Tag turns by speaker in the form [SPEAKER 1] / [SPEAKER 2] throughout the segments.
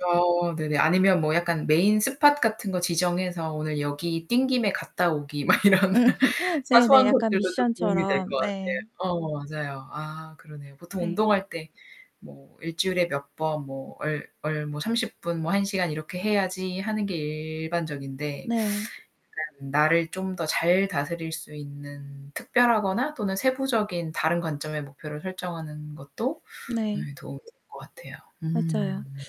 [SPEAKER 1] 어, 네네. 아니면 뭐 약간 메인 스팟 같은 거 지정해서 오늘 여기 뛴 김에 갔다 오기 막 이런
[SPEAKER 2] 네네,
[SPEAKER 1] 사소한
[SPEAKER 2] 약간
[SPEAKER 1] 것들도 좀 도움이 될 것
[SPEAKER 2] 미션처럼.
[SPEAKER 1] 같아요.
[SPEAKER 2] 네.
[SPEAKER 1] 어, 맞아요. 아, 그러네요. 보통
[SPEAKER 2] 네.
[SPEAKER 1] 운동할 때 뭐 '1 주일에 몇 번 뭐 얼 얼 뭐 30 분 뭐 1 시간 이렇게 해야지.' 하는 게 일반적인데
[SPEAKER 2] 네.
[SPEAKER 1] 약간 나를 좀 더 잘 다스릴 수 있는 특별하거나 또는 세부적인 다른 관점의 목표를 설정하는 것도
[SPEAKER 2] 네.
[SPEAKER 1] 도움이 될 것 같아요.
[SPEAKER 2] 맞아요.
[SPEAKER 1] 음.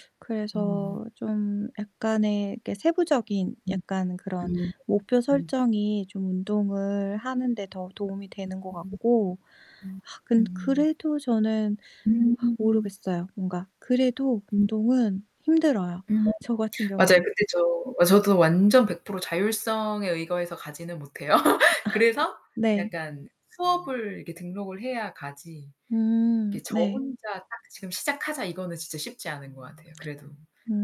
[SPEAKER 1] 음.
[SPEAKER 2] 그래서 좀 약간의 이게 세부적인
[SPEAKER 1] 음
[SPEAKER 2] 약간 그런
[SPEAKER 1] 음
[SPEAKER 2] 목표
[SPEAKER 1] 음.
[SPEAKER 2] 설정이 좀 운동을 하는데 더 도움이 되는 것
[SPEAKER 1] 음
[SPEAKER 2] 같고
[SPEAKER 1] 음
[SPEAKER 2] 아 근
[SPEAKER 1] 음.
[SPEAKER 2] 그래도 저는 아
[SPEAKER 1] 음.
[SPEAKER 2] 모르겠어요. 뭔가 그래도 운동은 힘들어요,
[SPEAKER 1] 음.
[SPEAKER 2] 저 같은
[SPEAKER 1] 맞아요.
[SPEAKER 2] 경우는.
[SPEAKER 1] 근데 저 아, 저도 완전 100% 자율성에 의거해서 가지는 못해요. 그래서
[SPEAKER 2] 네.
[SPEAKER 1] 약간 수업을 이렇게 등록을 해야 가지.
[SPEAKER 2] 음,
[SPEAKER 1] 이렇게 저
[SPEAKER 2] 네.
[SPEAKER 1] 혼자 딱 '지금 시작하자.' 이거는 진짜 쉽지 않은 것 같아요, 그래도.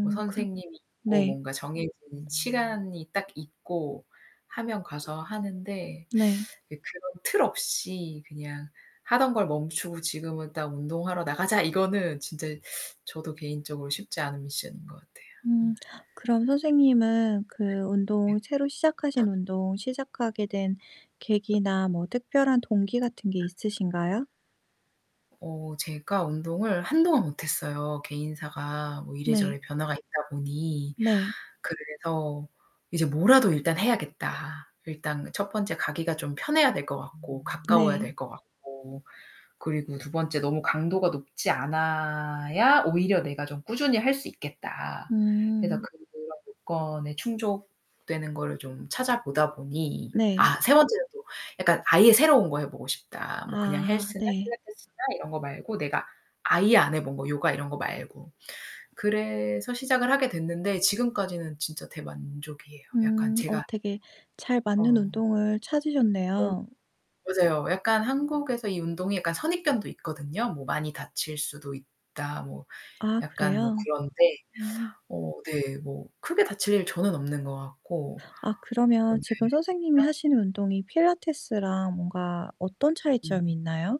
[SPEAKER 1] 뭐
[SPEAKER 2] 그
[SPEAKER 1] 선생님이 있고
[SPEAKER 2] 네.
[SPEAKER 1] 뭔가 정해진 시간이 딱 있고 하면 가서 하는데
[SPEAKER 2] 네.
[SPEAKER 1] 이 그런 틀 없이 그냥 하던 걸 멈추고 '지금은 딱 운동하러 나가자!' 이거는 진짜 저도 개인적으로 쉽지 않은 미션인 것 같아요.
[SPEAKER 2] 음.
[SPEAKER 1] 음.
[SPEAKER 2] 그럼 선생님은 그 운동 새로 시작하신 운동 시작하게 된 계기나 뭐 특별한 동기 같은 게 있으신가요?
[SPEAKER 1] 어. 제가 운동을 한동안 못 했어요, 개인사가 뭐 이래저래
[SPEAKER 2] 네.
[SPEAKER 1] 변화가 있다 보니.
[SPEAKER 2] 네.
[SPEAKER 1] 그래서 이제 뭐라도 일단 해야겠다. 일단 첫 번째 가기가 좀 편해야 될 것 같고 가까워야
[SPEAKER 2] 네.
[SPEAKER 1] 될 것 같고. 그리고 2 번째 너무 강도가 높지 않아야 오히려 내가 좀 꾸준히 할 수 있겠다. 그래서
[SPEAKER 2] 음.
[SPEAKER 1] 그런 조건에 충족되는 거를 좀 찾아보다 보니
[SPEAKER 2] 네.
[SPEAKER 1] 아, 3 번째는 또 약간 아예 새로운 거 해 보고 싶다. 뭐 그냥
[SPEAKER 2] 아,
[SPEAKER 1] 헬스나
[SPEAKER 2] 네.
[SPEAKER 1] 필라테스나 이런 거 말고 내가 아예 안 해 본 거. 요가 이런 거 말고. 그래서 시작을 하게 됐는데, 지금까지는 진짜 대만족이에요. 약간
[SPEAKER 2] 음, 어
[SPEAKER 1] 제가
[SPEAKER 2] 되게 잘 맞는
[SPEAKER 1] 어.
[SPEAKER 2] 운동을
[SPEAKER 1] 어.
[SPEAKER 2] 찾으셨네요.
[SPEAKER 1] 맞아요. 약간 한국에서 이 운동이 약간 선입견도 있거든요. 뭐 많이 다칠 수도 있다. 뭐
[SPEAKER 2] 아,
[SPEAKER 1] 약간 뭐
[SPEAKER 2] 그래요?
[SPEAKER 1] 그런데.
[SPEAKER 2] 음.
[SPEAKER 1] 어 네, 뭐 크게 다칠 일 저는 없는 것 같고.
[SPEAKER 2] 아, 그러면
[SPEAKER 1] 그런데
[SPEAKER 2] 지금 선생님이 하시는 운동이 필라테스랑 뭔가 어떤 차이점이
[SPEAKER 1] 음.
[SPEAKER 2] 있나요?